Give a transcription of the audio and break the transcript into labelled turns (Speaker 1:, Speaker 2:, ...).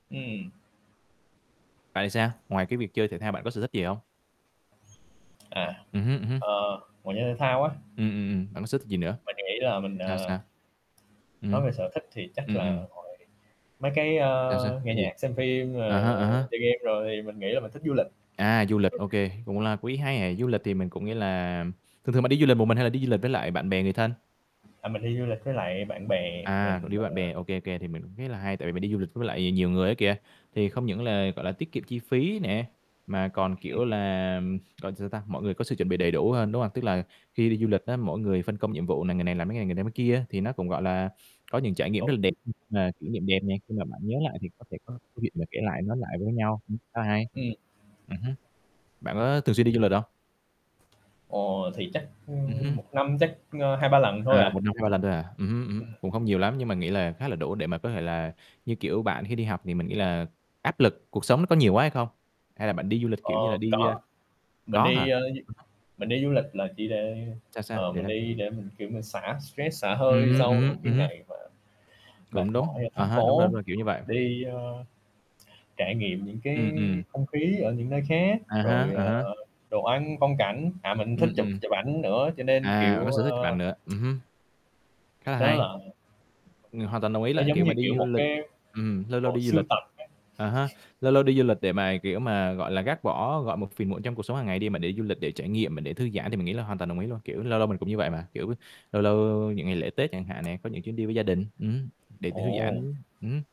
Speaker 1: Ừm.
Speaker 2: Bạn thì sao? Ngoài cái việc chơi thể thao bạn có sở thích gì không?
Speaker 1: À,
Speaker 2: Ừm hứm, ừm hứm.
Speaker 1: ờ, ngoài chơi thể thao á
Speaker 2: Ừm, ừm, ừm, bạn có sở thích gì nữa?
Speaker 1: Mình nghĩ là mình,
Speaker 2: Sao,
Speaker 1: à
Speaker 2: sao?
Speaker 1: Nói
Speaker 2: Ừm.
Speaker 1: về sở thích thì chắc
Speaker 2: Ừm,
Speaker 1: là
Speaker 2: ừm.
Speaker 1: hồi mấy cái, à,
Speaker 2: Sao sao,
Speaker 1: nghe
Speaker 2: cái gì?
Speaker 1: nhạc, xem phim,
Speaker 2: À
Speaker 1: ờ,
Speaker 2: há, à há.
Speaker 1: chơi game rồi thì mình nghĩ là mình thích du lịch.
Speaker 2: À, du lịch, ô kê, cũng là ý hay hè, du lịch thì mình cũng nghĩa là thường thường bạn đi du lịch một mình hay là đi du lịch với lại bạn bè người thân?
Speaker 1: À, mình đi du lịch với lại bạn bè,
Speaker 2: À, cậu
Speaker 1: mình,
Speaker 2: đi với bạn
Speaker 1: ờ
Speaker 2: bè, ô kê, ô kê. Thì mình cũng thấy là hay tại vì mình đi du lịch với lại nhiều người á kìa, thì không những là, gọi là, tiết kiệm chi phí nè, mà còn,
Speaker 1: Ừm.
Speaker 2: kiểu là, gọi là, sao ta, mọi người có sự chuẩn bị đầy đủ hơn, đúng hông? Tức là khi đi du lịch á, mỗi người phân công nhiệm vụ này, người này làm cái này người này người làm cái kia thì nó cũng, gọi là, có những trải nghiệm rất
Speaker 1: Tổ
Speaker 2: là đẹp
Speaker 1: chức.
Speaker 2: [unintelligible] mà kỷ niệm đẹp nè, khi mà bạn nhớ lại thì có thể có câu chuyện mà kể lại nói lại với nhau, ừm, khá là hay.
Speaker 1: Ừm.
Speaker 2: Ừm hứm. Bạn có thường xuyên đi du lịch hông?
Speaker 1: Ồ, thì chắc,
Speaker 2: Ừm
Speaker 1: ừm,
Speaker 2: hứm.
Speaker 1: 1 năm chắc, ờ, 2-3 lần thôi
Speaker 2: À,
Speaker 1: à.
Speaker 2: 1 năm 2-3 lần thôi à, ừm hứm, ừm
Speaker 1: Ừm.
Speaker 2: hứm, cũng không nhiều lắm nhưng mà nghĩ là khá là đủ để mà có thể là như, kiểu, bạn khi đi học thì mình nghĩ là áp lực cuộc sống nó có nhiều quá hay không? Hay là bạn đi du lịch
Speaker 1: Ờ,
Speaker 2: kiểu như là đi, à
Speaker 1: có. Mình
Speaker 2: có hả?
Speaker 1: đi, ờ, du
Speaker 2: [unintelligible]
Speaker 1: mình đi du lịch là chỉ để,
Speaker 2: Sao, sao?
Speaker 1: ờ ờ,
Speaker 2: Để
Speaker 1: mình
Speaker 2: nâng
Speaker 1: đi để mình kiểu mình xả stress xả
Speaker 2: Ừm
Speaker 1: hơi
Speaker 2: hứm, ừm
Speaker 1: sau những
Speaker 2: hứm, ừm
Speaker 1: cái
Speaker 2: hứm.
Speaker 1: ngày mà
Speaker 2: Cũng
Speaker 1: mệt mỏi
Speaker 2: đúng,
Speaker 1: ở
Speaker 2: à
Speaker 1: thành
Speaker 2: há, đúng rồi, đúng
Speaker 1: phố,
Speaker 2: rồi, kiểu như vậy.
Speaker 1: đi, ờ, trải nghiệm những cái
Speaker 2: Ừm, ừm.
Speaker 1: không khí ở những nơi khác,
Speaker 2: À há,
Speaker 1: rồi,
Speaker 2: à há.
Speaker 1: ờ, đồ ăn phong cảnh, à, mình
Speaker 2: Ừm,
Speaker 1: thích chụp
Speaker 2: ừm.
Speaker 1: chụp ảnh nữa cho nên,
Speaker 2: À, bạn
Speaker 1: kiểu,
Speaker 2: có sở thích chụp
Speaker 1: ơ
Speaker 2: ảnh nữa, ừm hứm. Khá là
Speaker 1: Đó
Speaker 2: hay.
Speaker 1: là
Speaker 2: Ừm, hoàn toàn đồng ý
Speaker 1: Nó
Speaker 2: là,
Speaker 1: giống
Speaker 2: kiểu,
Speaker 1: như,
Speaker 2: mà đi
Speaker 1: kiểu,
Speaker 2: du
Speaker 1: một
Speaker 2: lịch
Speaker 1: cái
Speaker 2: ừm, lâu lâu
Speaker 1: bộ
Speaker 2: đi du
Speaker 1: sưu
Speaker 2: lịch
Speaker 1: tập á.
Speaker 2: à ha, lâu lâu đi du lịch để mà kiểu mà, gọi là, gác bỏ, gọi, một phiền muộn trong cuộc sống hàng ngày đi mà để du lịch để trải nghiệm mà để thư giãn thì mình nghĩ là hoàn toàn đồng ý luôn, kiểu, lâu lâu mình cũng như vậy mà, kiểu, lâu lâu những ngày lễ Tết chẳng hạn nè, có những chuyến đi với gia đình, ừm hứm, để tự thư
Speaker 1: Ồ.
Speaker 2: giãn, ừm hứm.